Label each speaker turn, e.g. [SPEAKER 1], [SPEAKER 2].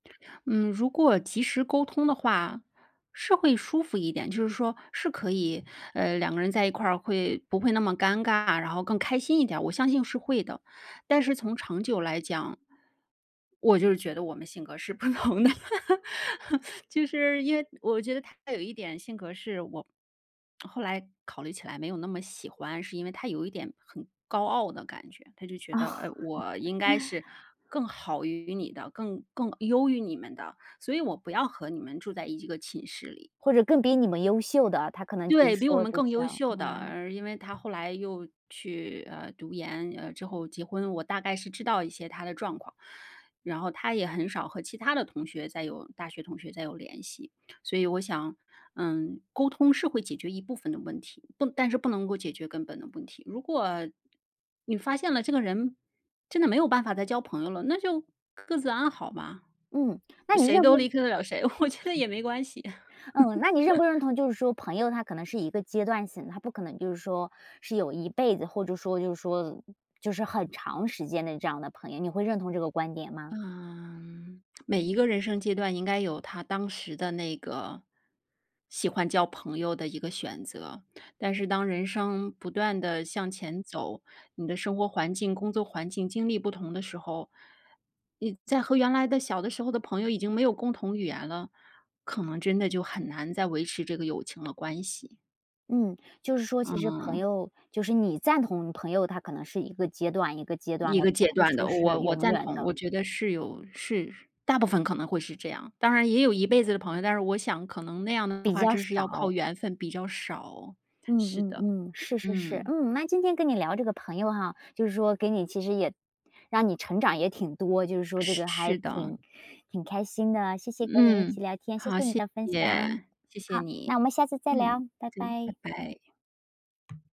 [SPEAKER 1] 嗯，如果及时沟通的话是会舒服一点。就是说是可以，呃，2个人在一块儿会不会那么尴尬，然后更开心一点，我相信是会的。但是从长久来讲我就是觉得我们性格是不同的。就是因为我觉得她有一点性格是我后来考虑起来没有那么喜欢，是因为她有一点很高傲的感觉。她就觉
[SPEAKER 2] 哦。
[SPEAKER 1] 得，呃，我应该 是更好于你的，更更优于你们的，所以我不要和你们住在一个寝室里。
[SPEAKER 2] 或者更比你们优秀的，他可能就是
[SPEAKER 1] 对，比我
[SPEAKER 2] 说，
[SPEAKER 1] 们
[SPEAKER 2] 对
[SPEAKER 1] 更优
[SPEAKER 2] 象。
[SPEAKER 1] 秀的。
[SPEAKER 2] 嗯。
[SPEAKER 1] 呃，因为她后来又去，呃，读研，呃，之后结婚，我大概是知道一些她的状况。然后她也很少和其他的同学再有大学同学再有联系。所以我想，嗯，沟通是会解决一部分的问题，不但是不能够解决根本的问题。如果你发现了这个人真的没有办法再交朋友了，那就各自安好嘛。
[SPEAKER 2] 嗯，那你
[SPEAKER 1] 谁
[SPEAKER 2] 认不
[SPEAKER 1] 都离
[SPEAKER 2] 认？
[SPEAKER 1] 开得了谁，我觉得也没关系。
[SPEAKER 2] 嗯，那你认 不认同就是说朋友他可能是一个阶段性，他不可能就是说是有一辈子，或者说就是说就是很长时间的这样的朋友，你会认同这个观点吗？
[SPEAKER 1] 嗯，每一个人生阶段应该有它当时的那个喜欢交朋友的一个选择。但是当人生不断地向前走，你的生活环境工作环境经历不同的时候，你再和原来的小的时候的朋友已经没有共同语言了，可能真的就很难再维持这个友情的关系。
[SPEAKER 2] 嗯，就是说其实朋
[SPEAKER 1] 嗯。
[SPEAKER 2] 友就是你赞同朋友，嗯，他可能是一个阶段，一个阶段
[SPEAKER 1] 一
[SPEAKER 2] 的，
[SPEAKER 1] 个
[SPEAKER 2] 不
[SPEAKER 1] 阶
[SPEAKER 2] 会
[SPEAKER 1] 段
[SPEAKER 2] 说
[SPEAKER 1] 的。
[SPEAKER 2] 是
[SPEAKER 1] 我我
[SPEAKER 2] 永
[SPEAKER 1] 赞
[SPEAKER 2] 远
[SPEAKER 1] 同
[SPEAKER 2] 的。
[SPEAKER 1] 我觉得是有是大部分可能会是这样。当然也有一辈子的朋友，但是我想可能那样的
[SPEAKER 2] 比
[SPEAKER 1] 话
[SPEAKER 2] 较
[SPEAKER 1] 真是要
[SPEAKER 2] 少。
[SPEAKER 1] 靠缘分，比较少。
[SPEAKER 2] 嗯
[SPEAKER 1] 是
[SPEAKER 2] 嗯
[SPEAKER 1] 的，
[SPEAKER 2] 嗯，是是是。
[SPEAKER 1] 嗯。
[SPEAKER 2] 嗯，那今天跟你聊这个朋友哈，就是说给你其实也让你成长也挺多，就是说这
[SPEAKER 1] 是
[SPEAKER 2] 个还
[SPEAKER 1] 是的。
[SPEAKER 2] 挺挺开心的。谢谢跟你一起
[SPEAKER 1] 嗯，
[SPEAKER 2] 聊天，谢
[SPEAKER 1] 好，
[SPEAKER 2] 谢你
[SPEAKER 1] 谢
[SPEAKER 2] 的分享。
[SPEAKER 1] 谢。谢谢
[SPEAKER 2] 好，那我
[SPEAKER 1] 你，
[SPEAKER 2] 们下次再聊，
[SPEAKER 1] 嗯，
[SPEAKER 2] 拜
[SPEAKER 1] 再
[SPEAKER 2] 拜。
[SPEAKER 1] 拜拜。